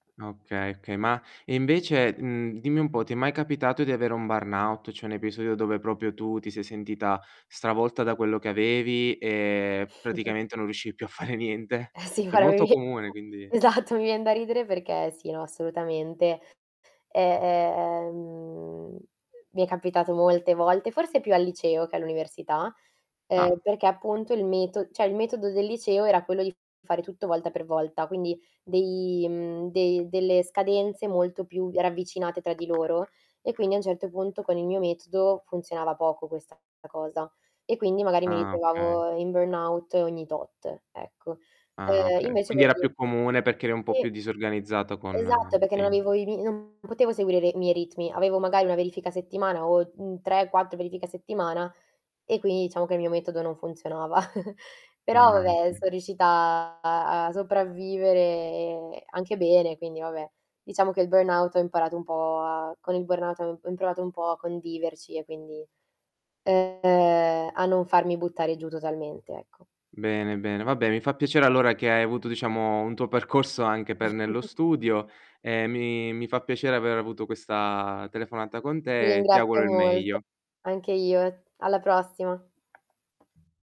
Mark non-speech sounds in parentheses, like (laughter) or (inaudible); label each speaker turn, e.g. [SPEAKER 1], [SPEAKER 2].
[SPEAKER 1] Ah, okay, okay, ma e invece, ehm, dimmi un po', ti è mai capitato di avere un burnout? Cioè un episodio dove proprio tu ti sei sentita stravolta da quello che avevi e
[SPEAKER 2] (chuckles)
[SPEAKER 1] praticamente non riuscivi più a fare niente?
[SPEAKER 2] Eh sì,
[SPEAKER 1] Cioè è
[SPEAKER 2] guarda
[SPEAKER 1] molto
[SPEAKER 2] (unintelligible)
[SPEAKER 1] comune quindi
[SPEAKER 2] esatto, mi vien da ridere perché sì, no, assolutamente. Eh, eh, ehm mi è capitato molte volte, forse più al liceo che all'università, eh,
[SPEAKER 1] Ah.
[SPEAKER 2] perché appunto il meto cioè il metodo del liceo era quello di fare tutto volta per volta, quindi dei mhmm, dei delle scadenze molto più ravvicinate tra di loro e quindi a un certo punto con il mio metodo funzionava poco questa cosa e quindi magari mi
[SPEAKER 1] Ah, okay.
[SPEAKER 2] ritrovavo in burnout ogni tot, ecco.
[SPEAKER 1] Ah,
[SPEAKER 2] Eh,
[SPEAKER 1] okay.
[SPEAKER 2] invece
[SPEAKER 1] Quindi era
[SPEAKER 2] (unintelligible)
[SPEAKER 1] più comune perché eri un po'
[SPEAKER 2] Sì.
[SPEAKER 1] più disorganizzato con
[SPEAKER 2] Esatto
[SPEAKER 1] i
[SPEAKER 2] perché non
[SPEAKER 1] tempi.
[SPEAKER 2] avevo i mi non potevo seguire le i miei ritmi. Avevo magari 1 verifica a settimana o, uhm, 3, 4 verifiche a settimana e quindi diciamo che il mio metodo non funzionava. (giggles) Però
[SPEAKER 1] Ah,
[SPEAKER 2] vabbè
[SPEAKER 1] okay.
[SPEAKER 2] sono riuscita a a a sopravvivere anche bene. Quindi vabbè, diciamo che il burnout ho imparato un po' a con il burnout ho ho imparato un po' a conviverci e quindi, ehm, a non farmi buttare giù totalmente ecco.
[SPEAKER 1] Bene, bene, va bene, mi fa piacere allora che hai avuto diciamo un tuo percorso anche per nello
[SPEAKER 2] (chuckles)
[SPEAKER 1] studio e mi mi fa piacere aver avuto questa telefonata con
[SPEAKER 2] Ti
[SPEAKER 1] te e ti
[SPEAKER 2] ringrazio
[SPEAKER 1] auguro il
[SPEAKER 2] molto.
[SPEAKER 1] meglio.
[SPEAKER 2] Anche io. Alla prossima.